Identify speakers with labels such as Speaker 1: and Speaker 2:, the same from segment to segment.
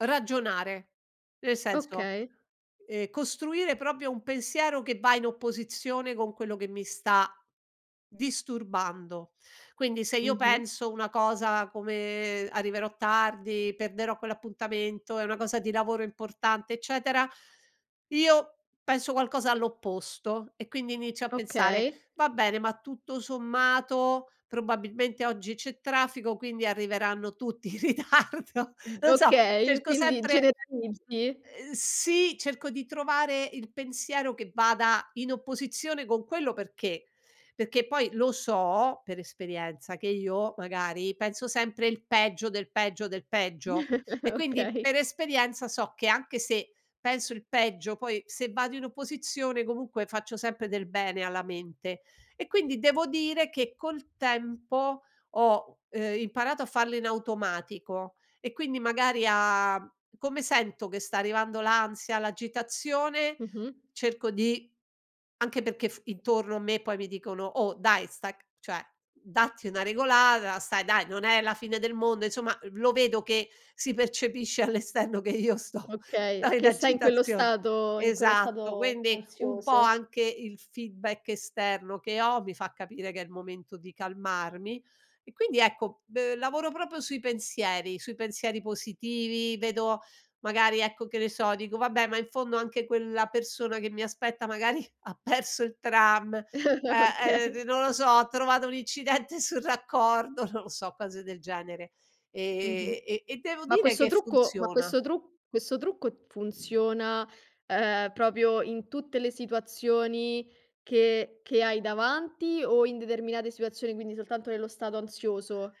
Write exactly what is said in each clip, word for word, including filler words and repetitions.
Speaker 1: Ragionare. Nel senso,
Speaker 2: Okay.
Speaker 1: ehm, costruire propio un pensiero, che va in opposizione con quello che mi sta, disturbando. Quindi, se io
Speaker 2: Mh-mh.
Speaker 1: penso una cosa, come: "Arriverò tardi, perderò quell'appuntamento, è una cosa di lavoro importante", eccetera, io, penso qualcosa all'opposto, e quindi inizio a pensare:
Speaker 2: Okay.
Speaker 1: "Va bene, ma tutto sommato, probabilmente oggi c'è traffico, quindi arriveranno tutti in ritardo" non so,
Speaker 2: Okay,
Speaker 1: cerco
Speaker 2: quindi
Speaker 1: sempre
Speaker 2: generalizzi?
Speaker 1: uhm, sì, cerco di trovare il pensiero che vada in opposizione con quello, perché: perché poi, lo so, per esperienza che io, magari, penso sempre il peggio, del peggio, del peggio, e quindi,
Speaker 2: Okay.
Speaker 1: per esperienza, so che anche se, penso il peggio, poi se vado in opposizione, comunque, faccio sempre del bene alla mente. E quindi, devo dire che col tempo ho, uhm, imparato a farlo in automatico, e quindi, magari, a come sento che sta arrivando l'ansia, l'agitazione,
Speaker 2: Mh-mh.
Speaker 1: cerco di anche perché f intorno a me poi mi dicono: "Oh, dai! Stac cioè, datti una regolada, stai dai, non è la fine del mondo", insomma, eh, v lo vedo che si percepisce all' esterno che io sto
Speaker 2: Okay,
Speaker 1: sto in
Speaker 2: che sei in quello
Speaker 1: agitazione
Speaker 2: stato in quello
Speaker 1: esatto,
Speaker 2: stato,
Speaker 1: quindi, un po'
Speaker 2: ansioso.
Speaker 1: anche il feedback esterno che ho, mi fa capire che è il momento di calmarmi; e quindi, ecco b lavoro propo sui pensieri, sui pensieri positivi, vedo magari ecco, che ne so, dico: "Vabbè, ma in fondo anche quella persona che mi aspetta, magari, ha perso il tram", eh, [unintelligible]
Speaker 2: Okay.
Speaker 1: non lo so, "ha trovato un incidente sul raccordo", non lo so, cose del genere.
Speaker 2: Mh-mh.
Speaker 1: E e e e e devo
Speaker 2: Ma
Speaker 1: dire
Speaker 2: questo
Speaker 1: che
Speaker 2: trucco ma
Speaker 1: funziona.
Speaker 2: questo tru questo trucco funziona, uhm, propio in tutte le situazioni che che hai davanti, o in determinade siuazioni, quindi, soltanto nello stato ansioso?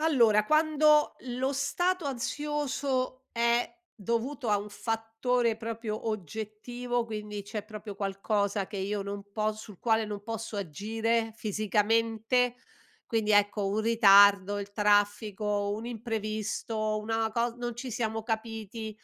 Speaker 1: Allora, quando lo stato ansioso è dovuto a un fattore propio oggettivo, quindi c'è propio qualcosa che io non po sul quale non posso agire, fisicamente, quindi ecco, un ritardo, il traffico, un imprevisto, una cos non ci siamo capiti,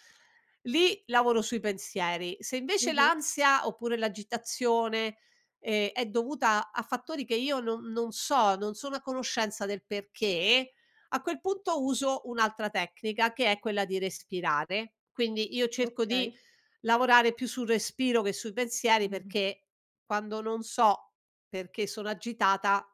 Speaker 1: lì lavoro sui pensieri. Se invece
Speaker 2: Mh-mh.
Speaker 1: l'ansia, oppure l'agitazione, ehm, è dovuta a fattori che io non non so, non sono a conoscenza del perché, a quel punto uso un'altra tecnica, che è quella di respirare. Quindi, io cerco
Speaker 2: Okay.
Speaker 1: di lavorare più sul respiro che sui pensieri
Speaker 2: Mh-mh.
Speaker 1: perché, quando non so, perché sono agitata